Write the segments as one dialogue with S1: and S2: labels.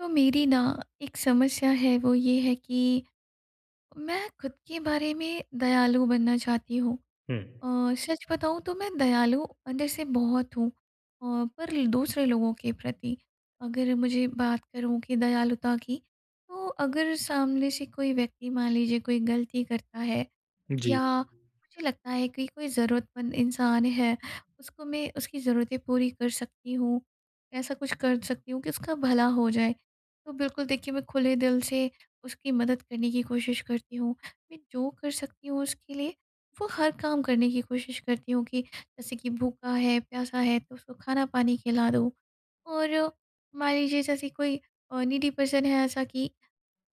S1: तो मेरी ना एक समस्या है, वो ये है कि, मैं ख़ुद के बारे में दयालु बनना चाहती हूँ
S2: हुँ।
S1: अ, सच बताऊँ तो मैं दयालु अंदर से बहुत हूँ, अ, पर दूसरे लोगों के प्रति, अगर मुझे बात करूँ कि दयालुता की, तो अगर सामने से कोई व्यक्ति मान लीजिए, कोई गलती करता है
S2: जी।
S1: या मुझे लगता है कि कोई ज़रूरतमंद इंसान है, उसको मैं, उसकी ज़रूरतें पूरी कर सकती हूँ, ऐसा कुछ कर सकती हूँ कि उसका भला हो जाए। तो बिल्कुल देखिए मैं खुले दिल से उसकी मदद करने की कोशिश करती हूँ, मैं जो कर सकती हूँ उसके लिए, वो हर काम करने की कोशिश करती हूँ कि जैसे कि भूखा है, प्यासा है, तो उसको खाना-पानी खिला दो और मान लीजिए जैसे कोई अ, नीडी पर्सन है ऐसा कि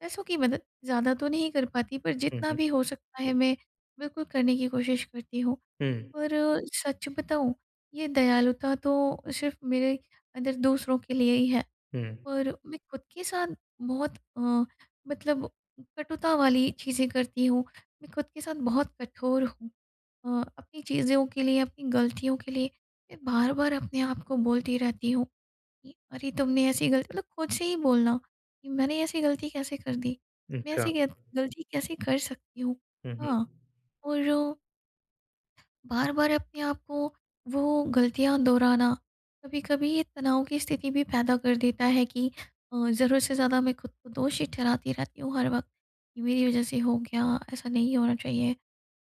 S1: पैसों की मदद, ज़्यादा तो नहीं कर पाती, पर
S2: हुँ,
S1: जितना
S2: हुँ।
S1: भी हो सकता है मैं बिल्कुल करने की कोशिश करती हूँ
S2: हुँ।
S1: और सच बताऊँ ये दयालुता तो सिर्फ़ मेरे अंदर दूसरों के लिए ही है
S2: हुँ।
S1: और मैं ख़ुद के साथ बहुत अ, मतलब कटुता वाली चीज़ें करती हूँ। मैं ख़ुद के साथ बहुत कठोर हूँ अ, अपनी चीज़ों के लिए अपनी गलतियों के लिए, मैं बार-बार अपने आप को बोलती रहती हूँ कि अरे तुमने ऐसी गल मतलब ख़ुद से ही बोलना, कि मैंने ऐसी गलती कैसे कर दी? मैं
S2: अच्छा।
S1: ऐसी गे गलती कैसे कर सकती हूँ?
S2: हुँ, हुँ।
S1: हाँ और बार-बार अपने आप को, वो गलतियाँ दोहराना, कभी-कभी ये तनाव की स्थिति भी पैदा कर देता है कि अ, ज़रूरत से ज़्यादा मैं ख़ुद को दोषी ठहराती रहती हूँ हर वक़्त, ये मेरी वजह से हो गया, ऐसा नहीं होना चाहिए,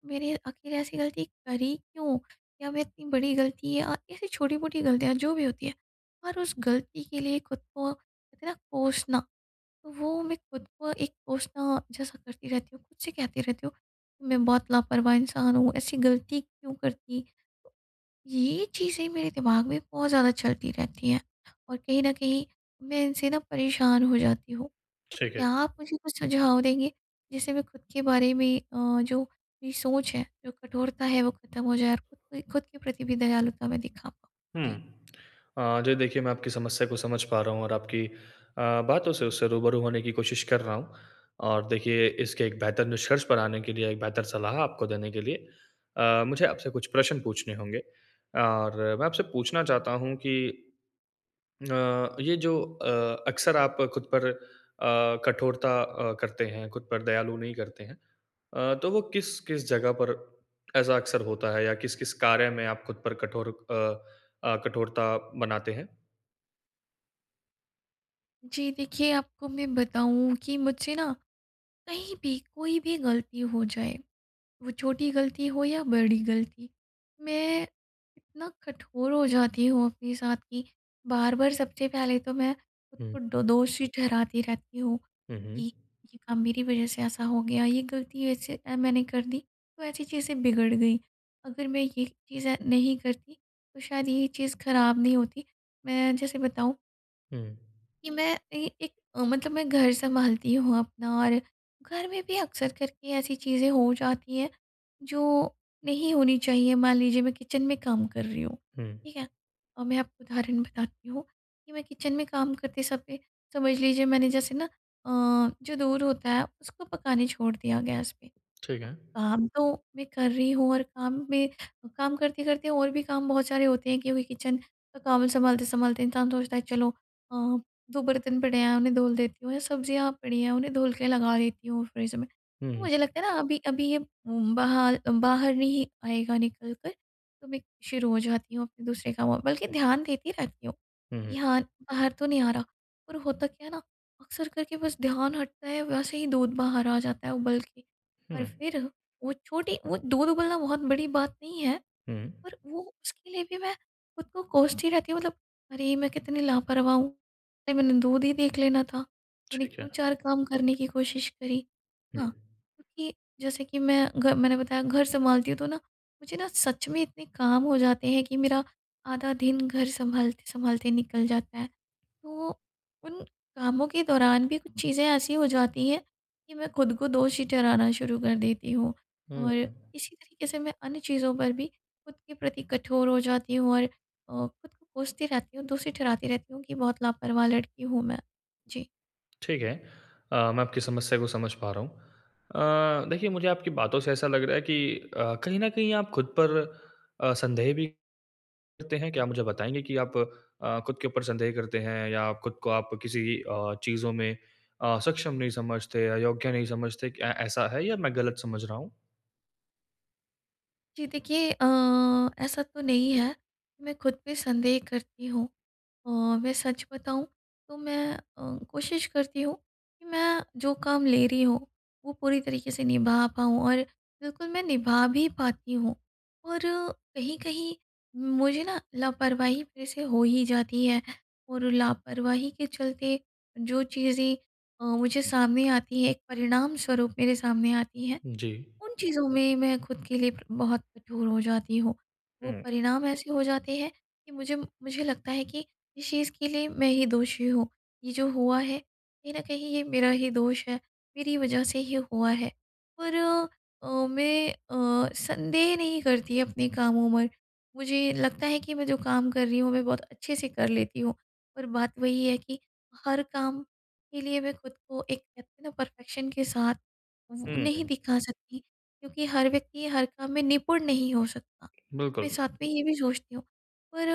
S1: मेरे आख़िर ऐसी गलती करी क्यों? या मैं इतनी बड़ी ग़लती या ऐसी छोटी-मोटी गलतियाँ जो भी होती हैं, और उस गलती के लिए ख़ुद को इतना कोसना, तो वो मैं ख़ुद को एक कोसना जैसा करती रहती हूँ, ख़ुद से कहती रहती हूँ। मैं बहुत लापरवाह इंसान हूँ, ऐसी गलती क्यों करती, ये चीज़ें मेरे दिमाग में बहुत ज़्यादा चलती रहती हैं और कहीं न कहीं मैं इनसे ना परेशान हो जाती हूँ। तो
S2: ठीक है।
S1: क्या आप मुझे कुछ सुझाव देंगे, जिससे मैं ख़ुद के बारे में अ, जो मेरी सोच है, जो कठोरता है, वो ख़त्म हो जाए और ख़ुद के ख़ुद के, प्रति भी दयालुता में दिखा
S2: हुँ,
S1: जी।
S2: अ, जी देखिए मैं आपकी समस्या को समझ पा रहा हूँ और आपकी अ, बातों से उससे रूबरू होने की कोशिश कर रहा हूँ। और देखिए इसके एक बेहतर निष्कर्ष पर आने के लिए, एक बेहतर सलाह आपको देने के लिए, अ, मुझे आपसे कुछ प्रश्न पूछने होंगे। और मैं आपसे पूछना चाहता हूँ कि, अ ये जो अ, अक्सर आप खुद पर अ, कठोरता अ, करते हैं, खुद पर दयालु नहीं करते हैं। अ, तो वो किस-किस जगह पर ऐसा अक्सर होता है या किस-किस कार्य में आप खुद पर कठोर अ अ, कठोरता बनाते हैं?
S1: जी देखिए, आपको मैं बताऊँ कि मुझसे ना कहीं भी कोई भी गलती हो जाए वो छोटी गलती हो या बड़ी गलती, मैं इतना कठोर हो जाती हूँ अपने साथ कि बार-बार सबसे पहले तो मैं ख़ुद
S2: हुँ।
S1: को ड दोषी ठहराती रहती हूँ
S2: हुँ, हुँ।
S1: कि ये काम मेरी वज़ह से ऐसा हो गया, ये गलती ऐसे अ, मैंने कर दी तो ऐसी चीज़ें बिगड़ गईं। अगर मैं ये चीज़ें नहीं करती तो शायद ये चीज़ ख़राब नहीं होती। मैं जैसे बताऊँ
S2: हुँ।
S1: कि मैं कहीं एक अ, मतलब मैं घर सँभालती हूँ अपना और घर में भी अक्सर करके ऐसी चीज़ें हो जाती हैं जो नहीं होनी चाहिए। मान लीजिए मैं किचन में काम कर रही हूँ,
S2: हुँ।
S1: ठीक है? और मैं आपको उदाहरण बताती हूँ, कि मैं किचन में काम करते समय समझ लीजिए मैंने जैसे ना अ, जो दूध होता है उसको पकाने छोड़ दिया गैस पे।
S2: ठीक
S1: अब
S2: है।
S1: काम तो मैं कर रही हूँ और काम में काम करते-करते और भी काम बहुत सारे होते हैं क्योंकि किचन का काम सँभालते-सँभालते इंसान सोचता है चलो अ, 2 बर्तन पड़े हैं उन्हें धुल देती हूँ या सब्जियाँ पड़ी हैं उन्हें धुल के लगा देती हूँ फ़्रिज में। तो
S2: हुँ।
S1: मुझे लगता है ना अभी अभी ये म बाहर अ, बाहर नहीं आएगा निकल कर तो मैं शुरू हो जाती हूँ अपने दूसरे कामों में। बल्कि ध्यान देती रहती हूँ
S2: हुँ,
S1: कि
S2: हुँ।
S1: हाँ, बाहर तो नहीं आ रहा, पर होता क्या है ना अक्सर करके बस ध्यान हटता है वैसे ही दूध बाहर आ जाता है उबल के। और
S2: हुँ।
S1: फिर वो छोटी वो दूध उबलना बहुत बड़ी बात नहीं है,
S2: हुँ।
S1: पर वो उसके लिए भी मैं ख़ुद को कोसती रहती हूँ मतलब अरे! मैं कितनी लापरवाह हूँ, मैंने दूध ही देख लेना था, मैंने
S2: ठीक है।
S1: क्यों 4 काम करने की कोशिश करी
S2: हुँ।
S1: है ना? क्योंकि जैसे कि मैं घ मैंने बताया घर सँभालती हूँ तो ना, मुझे ना सच में इतने काम हो जाते हैं कि मेरा आधा दिन घर सँभालते-सँभालते निकल जाता है। तो, उन कामों के दौरान भी कुछ चीज़ें ऐसी हो जाती हैं कि मैं ख़ुद को दोषी ठहराना शुरू कर देती हूँ।
S2: हुँ,
S1: और
S2: हुँ।
S1: इसी तरीक़े से मैं अन्य चीज़ों पर भी ख़ुद के प्रति कठोर हो जाती हूँ और अ, ख़ुद को कोसती रहती हूँ, दोषी ठहराती रहती हूँ कि बहुत लापरवाह लड़की हूँ मैं, जी।
S2: ठीक है। अ, मैं आपकी समस्या को समझ पा रहा हूँ। अ, देखिए, मुझे आपकी बातों से ऐसा लग रहा है कि अ, कहीं न कहीं आप खुद पर अ, संदेह भी करते हैं। क्या आप मुझे बताएँगे कि आप अ, खुद के ऊपर संदेह करते हैं या आप खुद को आप किसी अ, चीज़ों में अ, सक्षम नहीं समझते, अयोग्य नहीं समझते, ऐ ऐसा है या मैं गलत समझ रहा हूँ?
S1: जी, देखिए अ, ऐसा तो नहीं है। मैं ख़ुद पे संदेह करती हूँ। अ, मैं सच बताऊँ, तो मैं अ, कोशिश करती हूँ कि मैं जो काम ले रही हूँ, वो पूरी तरीके से निभा पाऊँ और बिल्कुल, मैं निभा भी पाती हूँ और कहीं-कहीं मुझे ना लापरवाही फ़िर से हो ही जाती है और लापरवाही के चलते, जो चीज़ें अ, मुझे सामने आती हैं, एक परिणाम स्वरूप मेरे सामने आती हैं,
S2: जी।
S1: उन चीज़ों में मैं ख़ुद के लिए बहुत कठोर हो जाती हूँ। वो
S2: हुँ।
S1: परिणाम ऐसे हो जाते हैं कि मुझे मुझे लगता है कि इस चीज़ के लिए मैं ही दोषी हूँ, ये जो हुआ है, कहीं न कहीं ये मेरा ही दोष है, मेरी वजह से ही हुआ है। पर अ, मैं अ, संदेह नहीं करती अपने कामों में। मुझे लगता है कि मैं जो काम कर रही हूँ, मैं बहुत अच्छे से कर लेती हूँ। पर बात वही है कि हर काम के लिए मैं ख़ुद को, एक कहते हैं ना, परफेक्शन के साथ वो नहीं
S2: हुँ।
S1: दिखा सकती क्योंकि हर व्यक्ति हर काम में निपुण नहीं हो सकता। मैं
S2: बिल्कुल।
S1: साथ में ये भी सोचती हूँ, पर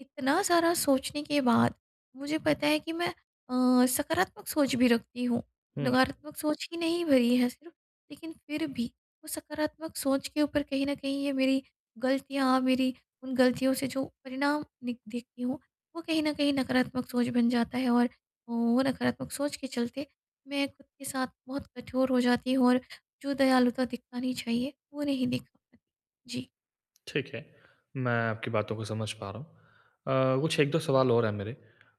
S1: इतना सारा सोचने के बाद मुझे पता है कि मैं अ, सकारात्मक सोच भी रखती हूँ,
S2: हुँ।
S1: नकारात्मक सोच ही नहीं भरी है सिर्फ़। लेकिन फ़िर भी, वो सकारात्मक सोच के ऊपर कहीं न कहीं ये मेरी गलतियाँ, मेरी उन गलतियों से जो परिणाम निक देखती हूँ, वो कहीं न कहीं नकारात्मक सोच बन जाता है और वो नकारात्मक सोच के चलते, मैं ख़ुद के साथ बहुत कठोर हो जाती हूँ और जो दयालुता दिखानी चाहिए, वो नहीं दि जी।
S2: ठीक है। मैं आपकी बातों को समझ पा रहा हूँ। अ, कुछ 1-2 सवाल और हैं मेरे। अ,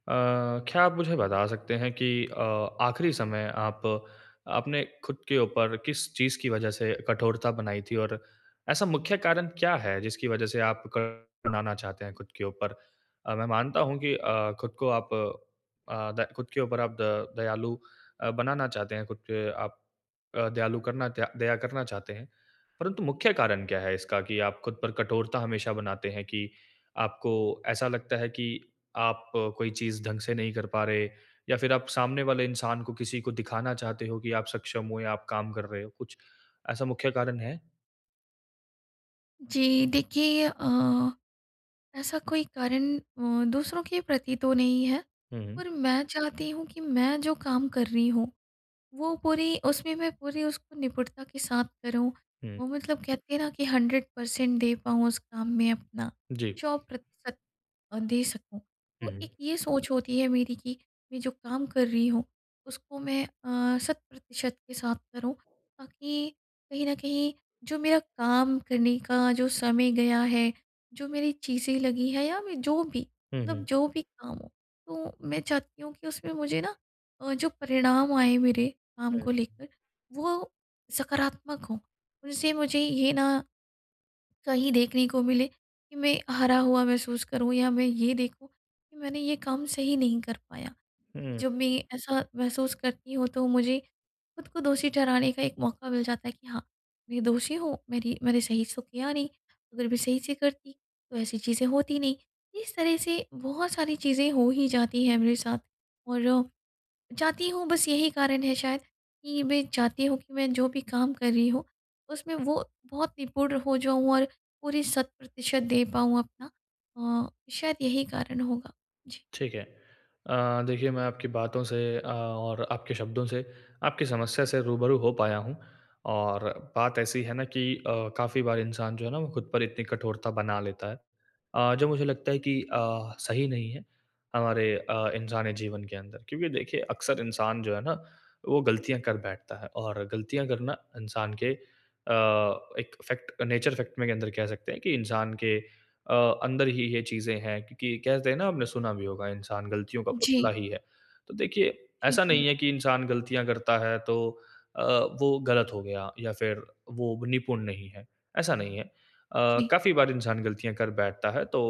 S2: क्या आप मुझे बता सकते हैं कि अ, आखिरी समय आप आपने खुद के ऊपर किस चीज़ की वज़ह से कठोरता बनाई थी? और ऐसा मुख्य कारण क्या है जिसकी वज़ह से आप [unintelligible] बनाना चाहते हैं खुद के ऊपर। अ, मैं मानता हूँ कि अ, खुद को आप अ, द खुद के ऊपर आप द दयालु अ, बनाना चाहते हैं, खुद पे आप अ, दयालु करना दया दया करना चाहते हैं। परंतु मुख्य कारण क्या है इसका? कि आप खुद पर कठोरता हमेशा बनाते हैं कि आपको ऐसा लगता है कि आप कोई चीज़ ढँग से नहीं कर पा रहे, या फिर आप सामने वाले इंसान को किसी को दिखाना चाहते हो कि आप सक्षम हो या आप काम कर रहे हो। कुछ ऐसा मुख्य कारण है?
S1: जी। देखिए अ, ऐसा कोई कारण अ, दूसरों के प्रति तो नहीं है।
S2: हुँ, हुँ।
S1: पर मैं चाहती हूँ कि मैं जो काम कर रही हूँ, वो पूरी उसमें मैं पूरी उसको निपुणता के साथ करूँ।
S2: हुँ।
S1: वो मतलब कहते हैं ना कि 100% दे पाऊँ उस काम में अपना
S2: जी।
S1: 100% अ, दे सकूँ। तो एक
S2: हुँ।
S1: ये सोच होती है मेरी कि मैं जो काम कर रही हूँ उसको मैं अ, शत प्रतिशत के साथ करूँ ताकि कहीं न कहीं जो मेरा काम करने का जो समय गया है। जो मेरी चीज़ें लगी हैं या मैं जो भी
S2: हुँ,
S1: मतलब
S2: हुँ।
S1: जो भी काम हो, तो मैं चाहती हूँ कि उसमें मुझे ना अ, जो परिणाम आए मेरे काम को
S2: हुँ।
S1: लेकर वो सकारात्मक हों, उनसे मुझे ये ना कहीं देखने को मिले कि मैं हारा हुआ महसूस करूँ या मैं ये देखूँ कि मैंने ये काम सही नहीं कर पाया।
S2: हुँ,
S1: क्योंकि
S2: हुँ।
S1: जब मैं ऐसा महसूस करती हूँ तो मुझे खुद को दोषी ठहराने का एक मौका मिल जाता है कि हाँ, मैं दोषी हूँ मेरी मैंने सही से तो किया नहीं अगर मैं सही से करती तो ऐसी चीज़ें होती नहीं। इस तरह से बहुत सारी चीज़ें हो ही जाती हैं मेरे साथ और, चाहती हूँ बस यही कारण है शायद कि मैं चाहती हूँ कि मैं जो भी काम कर रही हूँ उसमें वो बहुत निपुण हो जाऊँ और पूरी शत प्रतिशत दे पाऊँ अपना अ, शायद यही कारण होगा। जी।
S2: ठीक है। अ, देखिए मैं आपकी बातों से अ, और आपके शब्दों से, आपकी समस्या से रूबरू हो पाया हूँ। और बात ऐसी है ना कि अ, काफ़ी बार इंसान जो है ना वो खुद पर इतनी कठोरता बना लेता है। अ, जो मुझे लगता है कि अ, सही नहीं है हमारे अ, इंसानी जीवन के अंदर। क्योंकि देखिए अक्सर इंसान जो है ना वो गलतियाँ कर बैठता है और गलतियाँ करना इंसान के, अ, एक फैक्ट नेचर फैक्ट में के अंदर कह सकते हैं कि इंसान के अ, अंदर ही ये चीज़ें हैं। क्योंकि कहते हैं ना आपने सुना भी होगा इंसान गलतियों का
S1: जी।
S2: पुतला ही है। तो देखिए
S1: जी,
S2: ऐसा
S1: जी।
S2: नहीं है कि इंसान गलतियाँ करता है तो अ, वो गलत हो गया या फिर वो निपुण नहीं है, ऐसा नहीं है। अ,
S1: जी।
S2: काफ़ी बार इंसान गलतियाँ कर बैठता है तो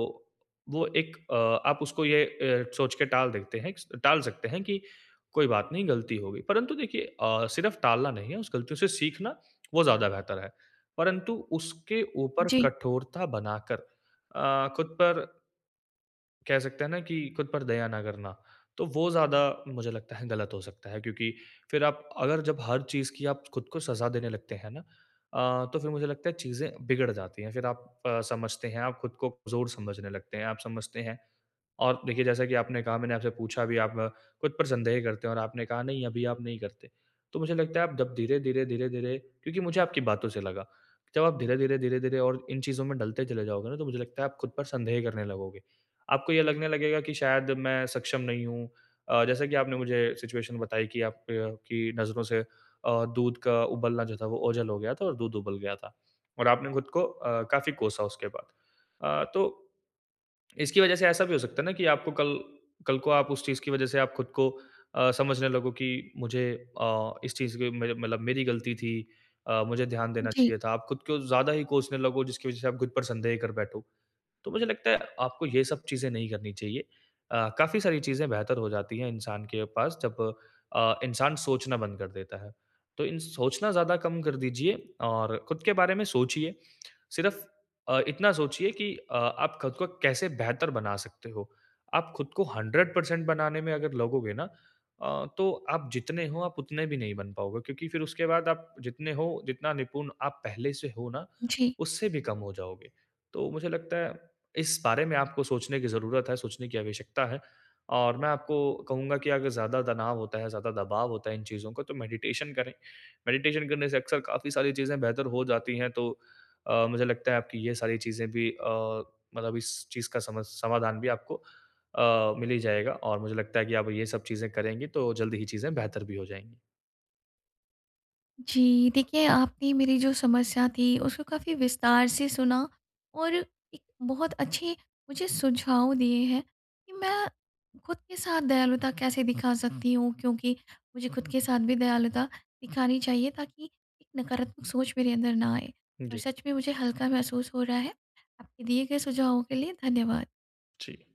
S2: वो एक अ, आप उसको ये अ, सोच के टाल देते हैं टाल सकते हैं कि कोई बात नहीं गलती हो गई। परन्तु देखिए अ, सिर्फ़ टालना नहीं है, उस गलतियों से सीखना वो ज़्यादा बेहतर है। परंतु उसके ऊपर
S1: जी।
S2: कठोरता बनाकर अ, खुद पर कह सकते हैं ना कि खुद पर दया ना करना। तो वो ज़्यादा मुझे लगता है गलत हो सकता है। क्योंकि फिर आप अगर जब हर चीज़ की आप खुद को सजा देने लगते हैं ना, अ, तो फिर मुझे लगता है चीज़ें बिगड़ जाती है। फिर आप अ, समझते हैं, आप खुद को कमज़ोर समझने लगते हैं, आप समझते हैं और देखिए जैसा कि आपने कहा मैंने आपसे पूछा भी आप खुद पर संदेह करते हो और आपने कहा नहीं अभी आप नहीं करते। तो मुझे लगता है आप जब धीरे-धीरे, धीरे-धीरे क्योंकि मुझे आपकी बातों से लगा, जब आप धीरे-धीरे, धीरे-धीरे और इन चीज़ों में ढलते चले जाओगे ना तो मुझे लगता है आप खुद पर संदेह करने लगोगे। आपको ये लगने लगेगा कि शायद मैं सक्षम नहीं हूँ। अ, जैसा कि आपने मुझे सिचुएशन बताई कि आपकी नज़रों से अ, दूध का उबलना जो था वोह ओझल हो गया था और दूध उबल गया था। और आपने खुद को अ, काफ़ी कोसा उसके बाद। अ, तो इसकी वजह से ऐसा भी हो सकता है ना कि आपको कल कल को आप उस चीज़ की वज़ह से आप खुद को अ, समझने लगो की मुझे अ, इस चीज़ की मुझे मतलब मेरी गलती थी, अ, मुझे ध्यान देना
S1: जी।
S2: चाहिए था। आप खुद को ज़्यादा ही कोसने लगो जिसकी वज़ह से आप खुद पर संदेह कर बैठो। तो मुझे लगता है आपको ये सब चीज़ें नहीं करनी चाहिए। अ, काफ़ी सारी चीज़ें बेहतर हो जाती है इंसान के पास जब अ, इंसान सोचना बंद कर देता है। तो इन सोचना ज़्यादा कम कर दीजिए और खुद के बारे में सोचिए। सिर्फ़ अ, इतना सोचिए कि अ, आप खुद को कैसे बेहतर बना सकते हो। आप खुद को 100% बनाने में अगर लगोगे ना अ, तो आप जितने हो आप उतने भी नहीं बन पाओगे। क्योंकि फिर उसके बाद आप जितने हो, जितना निपुण आप पहले से हो ना
S1: जी।
S2: उससे भी कम हो जाओगे। तो मुझे लगता है इस बारे में आपको सोचने की ज़रूरत है, सोचने की आवश्यकता है। और मैं आपको कहूँगा कि अगर ज़्यादा तनाव होता है, ज़्यादा दबाव होता है इन चीज़ों का तो मेडिटेशन करें। मेडिटेशन करने से अक्सर काफ़ी सारी चीज़ें बेहतर हो जाती हैं तो अ, मुझे लगता है आपकी ये सारी चीज़ें भी अ, मतलब इस चीज़ का समा समाधान भी आपको अ, मिल ही जाएगा और मुझे लगता है कि आप ये सब चीज़ें करेंगी तो जल्दी ही चीज़ें बेहतर भी हो जाएँगी।
S1: जी, देखिए आपने मेरी जो समस्या थी उसको काफ़ी विस्तार से सुना और एक बहुत अच्छे मुझे सुझाव दिए हैं कि मैं खुद के साथ दयालुता कैसे दिखा सकती हूँ। क्योंकि मुझे खुद के साथ भी दयालुता दिखानी चाहिए ताकि एक नकारात्मक सोच मेरे अंदर ना आए, और
S2: जी।
S1: सच में मुझे हल्का महसूस हो रहा है। आपके दिए गए सुझावों के लिए धन्यवाद।
S2: जी।